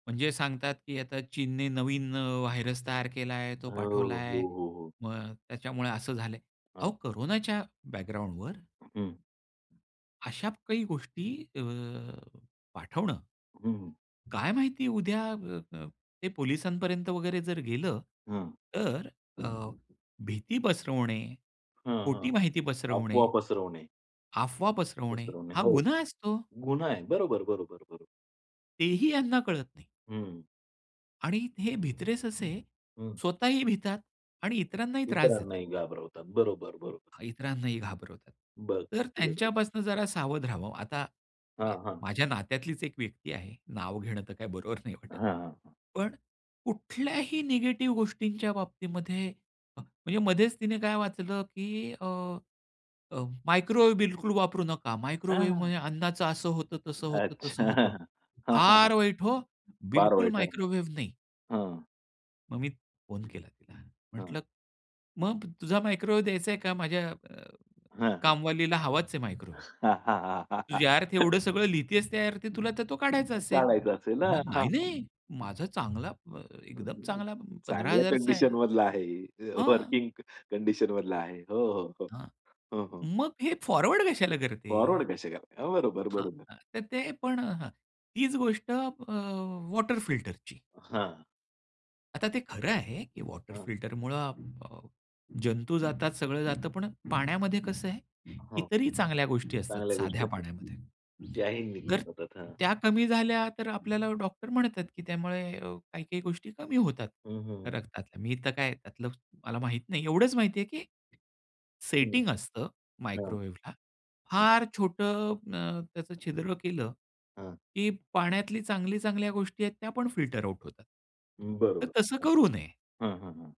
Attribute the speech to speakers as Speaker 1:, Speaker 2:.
Speaker 1: म्हणजे सांगतात की आता चीनने नवीन अ, व्हायरस तयार केला आहे. तो
Speaker 2: हं, हं, हो.
Speaker 1: पाठवलाय.
Speaker 2: हो, हो, हो.
Speaker 1: मग त्याच्यामुळे असं झालंय. अहो
Speaker 2: हां.
Speaker 1: कोरोनाच्या बॅकग्राऊंडवर.
Speaker 2: हं.
Speaker 1: अशा प काही गोष्टी अ, पाठवणं.
Speaker 2: हं, हं.
Speaker 1: काय माहिती उद्या अ, अ, ते पोलिसांपर्यंत वगैरे जर गेलं.
Speaker 2: हं.
Speaker 1: तर अ, भीती पसरवणे,
Speaker 2: हं,
Speaker 1: खोटी
Speaker 2: हं.
Speaker 1: माहिती पसरवणे,
Speaker 2: अफवा पसरवणे.
Speaker 1: अफवा पसरवणे
Speaker 2: पसरवणे.
Speaker 1: हा
Speaker 2: हो,
Speaker 1: गुन्हा असतो.
Speaker 2: गुन्हा आहे. बरोबर, बरोबर, बरोबर.
Speaker 1: तेही ह्यांना कळत नाही.
Speaker 2: हं.
Speaker 1: आणि हे भित्रे ससे
Speaker 2: हं.
Speaker 1: स्वतःही भितात आणि इतरांनाही त्रास देतात.
Speaker 2: इतरांनाही घाबरवतात, बरोबर, बरोबर.
Speaker 1: इतरांनाही घाबरवतात.
Speaker 2: बरं.
Speaker 1: तर
Speaker 2: अगदी बरोबर.
Speaker 1: त्यांच्यापासून जरा सावध राहावं. आता आ,
Speaker 2: हां, हां.
Speaker 1: माझ्या नात्यातलीच एक व्यक्ती आहे. नाव घेणं तर काही बरोबर नाही वाटत.
Speaker 2: हां, हां, हां.
Speaker 1: पण कुठल्याही निगेटिव्ह गोष्टींच्या बाबतीमध्ये म्हणजे मध्येच तिने काय वाचलं, की अ, अ, मायक्रोवेव्ह बिलकुल वापरू नका.
Speaker 2: हां.
Speaker 1: मायक्रोवेव्हमध्ये अन्नाचं असं होतं, तसं होतं,
Speaker 2: अच्छा.
Speaker 1: तसं होतं.
Speaker 2: हां, हां, हां.
Speaker 1: फार वाईट हो,
Speaker 2: फार
Speaker 1: बिलकुल
Speaker 2: वाईट हां,
Speaker 1: मायक्रोवेव्ह नाही.
Speaker 2: हां.
Speaker 1: मग मी फोन केला तिला.
Speaker 2: हां.
Speaker 1: म्हटलं मग, तुझा मायक्रोवेव्ह द्यायचा आहे का माझ्या अ,
Speaker 2: हां, हां.
Speaker 1: कामवालीला? हवाच आहे मायक्रोवेव्ह. तू ज्या अर्थी एवढं सगळं लिहतेस त्या अर्थी तुला तर तो काढायचा असेल.
Speaker 2: काढायचं असेल ना.
Speaker 1: म्हणाली,
Speaker 2: हां, हां.
Speaker 1: "नाही-नाही माझा चांगला एकदम चांगला पंधरा
Speaker 2: चांगल्या
Speaker 1: हजार चा आहे."
Speaker 2: कंडिशनमधला आहे.
Speaker 1: हां.
Speaker 2: वर्किंग कंडिशनमधला आहे. हो, हो, हो.
Speaker 1: हां.
Speaker 2: हं, हं.
Speaker 1: "मग हे फॉरवर्ड कशाला करते?"
Speaker 2: फॉरवर्ड कसे करता? बरोबर,
Speaker 1: हां,
Speaker 2: बरोबर.
Speaker 1: हां. तर ते पण हं, तीच गोष्ट अ, वॉटर फिल्टरची.
Speaker 2: हां.
Speaker 1: आता ते खरं आहे की वॉटर
Speaker 2: हां.
Speaker 1: फिल्टरमुळं अ, जंतू जातात, सगळं जातं. पण पाण्यामध्ये कसं आहे?
Speaker 2: हं.
Speaker 1: इतरही चांगल्या गोष्टी असतात
Speaker 2: चांगल्या गोष्टी
Speaker 1: साध्या
Speaker 2: असतात.
Speaker 1: पाण्यामध्ये.
Speaker 2: त्याही निघून
Speaker 1: तर
Speaker 2: जातात, हां.
Speaker 1: त्या कमी झाल्या तर आपल्याला डॉक्टर म्हणतात की त्यामुळे अ, काही-काही गोष्टी कमी होतात
Speaker 2: हं, हं, हं.
Speaker 1: रक्तातल्या. मी तर काय आहे त्यातलं मला माहीत नाही. एवढंच माहिती आहे, की
Speaker 2: हं.
Speaker 1: सेटिंग असतं
Speaker 2: हां.
Speaker 1: मायक्रोवेव्हला.
Speaker 2: हं.
Speaker 1: फार छोटं अं, त्याचं छिद्र केलं,
Speaker 2: हां.
Speaker 1: की पाण्यातली चांगली चांगल्या गोष्टी आहेत त्या पण फिल्टर आउट होतात.
Speaker 2: अ,
Speaker 1: तर
Speaker 2: बरोबर
Speaker 1: तसं
Speaker 2: हं.
Speaker 1: करू नये.
Speaker 2: हं, हं, हं.